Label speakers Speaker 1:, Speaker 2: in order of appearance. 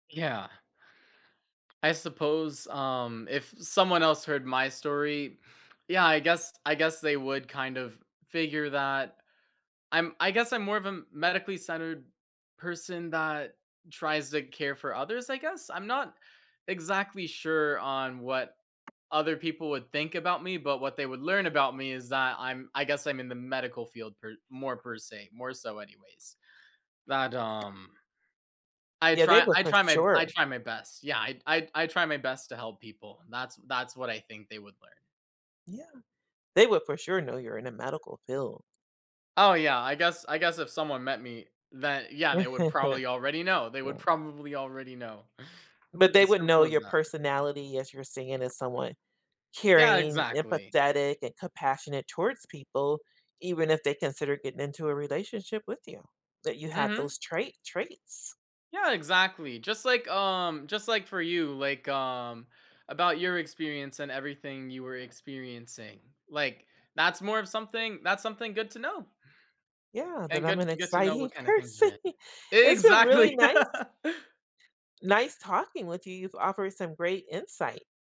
Speaker 1: Yeah. I suppose, um, if someone else heard my story, yeah, I guess I guess they would kind of figure that. I'm I guess I'm more of a medically centered person that tries to care for others, I guess? I'm not exactly sure on what other people would think about me, but what they would learn about me is that I'm I guess I'm in the medical field per more per se, more so anyways, but, um, I
Speaker 2: Yeah. They
Speaker 1: try
Speaker 2: would,
Speaker 1: I
Speaker 2: for
Speaker 1: try my I
Speaker 2: sure.
Speaker 1: try my best. Yeah. I I I try my best to help people. That's that's what I think they would learn.
Speaker 2: Yeah. They would, for sure, know you're in a medical field.
Speaker 1: Oh, yeah. I guess I guess if someone met me, then yeah, they would probably already know. They would
Speaker 2: Yeah.
Speaker 1: probably already know.
Speaker 2: But they
Speaker 1: It's
Speaker 2: would know
Speaker 1: simple as
Speaker 2: your
Speaker 1: that.
Speaker 2: personality as you're saying, as someone
Speaker 1: Yeah.
Speaker 2: caring,
Speaker 1: Exactly.
Speaker 2: empathetic, and compassionate towards people, even if they consider getting into a relationship with you, that you have
Speaker 1: Mhm.
Speaker 2: those trait traits.
Speaker 1: Yeah, exactly. Just like, um, just like for you like, um, about your experience and everything you were experiencing, like, that's more of something that's something good to know
Speaker 2: Yeah.
Speaker 1: and
Speaker 2: That I'm
Speaker 1: good
Speaker 2: an
Speaker 1: good to know
Speaker 2: exciting
Speaker 1: what kind of things you're
Speaker 2: person.
Speaker 1: in.
Speaker 2: It's been really
Speaker 1: Exactly.
Speaker 2: nice nice talking with you. You've offered some great insight.